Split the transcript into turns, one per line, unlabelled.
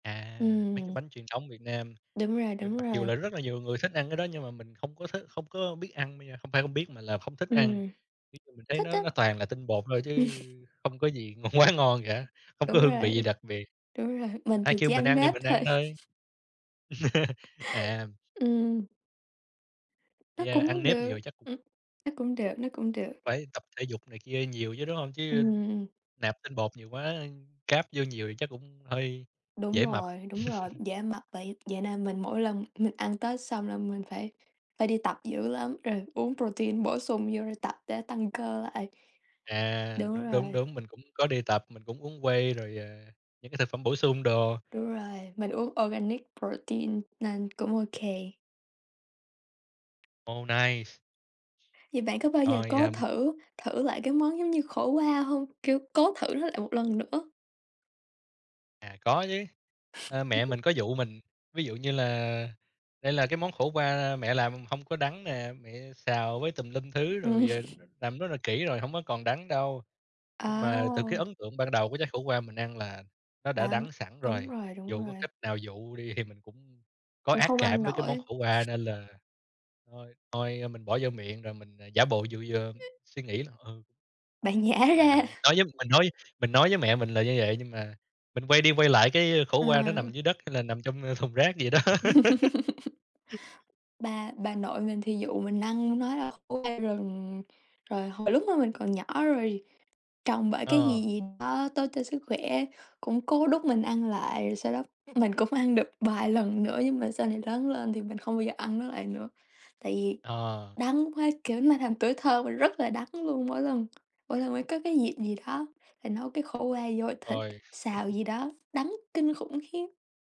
À, mấy cái
Ừm.
bánh truyền thống Việt Nam,
Đúng rồi,
thì
đúng
mặc dù
rồi.
là rất là nhiều người thích ăn cái đó nhưng mà mình không có thích không có biết ăn bây giờ, không phải không biết mà là không thích ăn.
Ừm,
Ví dụ mình thấy
thích á.
nó nó toàn là tinh bột thôi chứ không có gì ng quá ngon cả, không có
Đúng
hương
rồi,
vị gì đặc biệt.
đúng rồi, mình
Ai
thì
kêu
chỉ
mình
ăn
ăn thì
nếp
mình
thôi.
ăn thôi. À.
Ừm. Nó
Yeah, ăn
cũng
nếp
được.
nhiều chắc
Ừm, nó cũng được, nó cũng được.
Phải tập thể dục này kia nhiều chứ, đúng hông? Chứ
Ừm.
nạp tinh bột nhiều quá, carb vô nhiều thì chắc cũng hơi
Đúng
dễ mập.
rồi, đúng rồi, dễ mập vậy. Vậy nên mình mỗi lần mình ăn Tết xong là mình phải phải đi tập dữ lắm, rồi uống protein bổ sung vô rồi tập để tăng cơ lại.
À.
Đúng
Đúng, đúng,
rồi.
đúng, mình cũng có đi tập, mình cũng uống whey rồi, à, những cái thực phẩm bổ sung đồ.
Đúng rồi, mình uống organic protein nên cũng ô kê.
Oh, nice!
Vậy bạn có bao giờ
Rồi,
cố
à, m
thử thử lại cái món giống như khổ qua hông? Kiểu, cố thử nó lại một lần nữa.
À, có chứ, ơ, mẹ mình có dụ mình ví dụ như là "Đây là cái món khổ qua mẹ làm không có đắng nè, mẹ xào với tùm lum thứ
Ừm.
rồi, ờ, làm rất là kỹ rồi, hổng có còn đắng đâu." Nhưng mà từ cái
À!
ấn tượng ban đầu của trái khổ qua mình ăn là nó đã
Đắng,
đắng sẵn
đúng
rồi,
rồi, đúng
dù có
rồi.
cách nào dụ đi thì mình cũng có
Cũng
ác
không ăn
cảm với cái món
nổi.
khổ qua, nên là thôi thôi mình bỏ vô miệng rồi mình, ờ, giả bộ dụ vui, ơ, suy nghĩ, ừm.
Bạn nhả ra.
Tạm, đối với mình nói mình nói với mẹ mình là như vậy nhưng mà mình quay đi, quay lại cái khổ qua nó
Ờ.
nằm dưới đất hay là nằm trong thùng rác gì đó.
Bà bà nội mình thì dụ mình ăn nói là khổ qua rừng, rồi hồi lúc mà mình còn nhỏ rồi trồng bởi cái
Ờ.
gì gì đó tốt cho sức khỏe, cũng cố đút mình ăn lại, rồi sau đó mình cũng ăn được vài lần nữa. Nhưng mà sau này lớn lên thì mình không bao giờ ăn nó lại nữa, tại vì
Ờ.
đắng quá. Kiểu, nó làm tuổi thơ mình rất là đắng luôn, mỗi lần mỗi lần mà có cái dịp gì đó phảì nấu cái khổ qua nhồi thịt,
Rồi.
xào gì đó, đắng kinh khủng khiếp.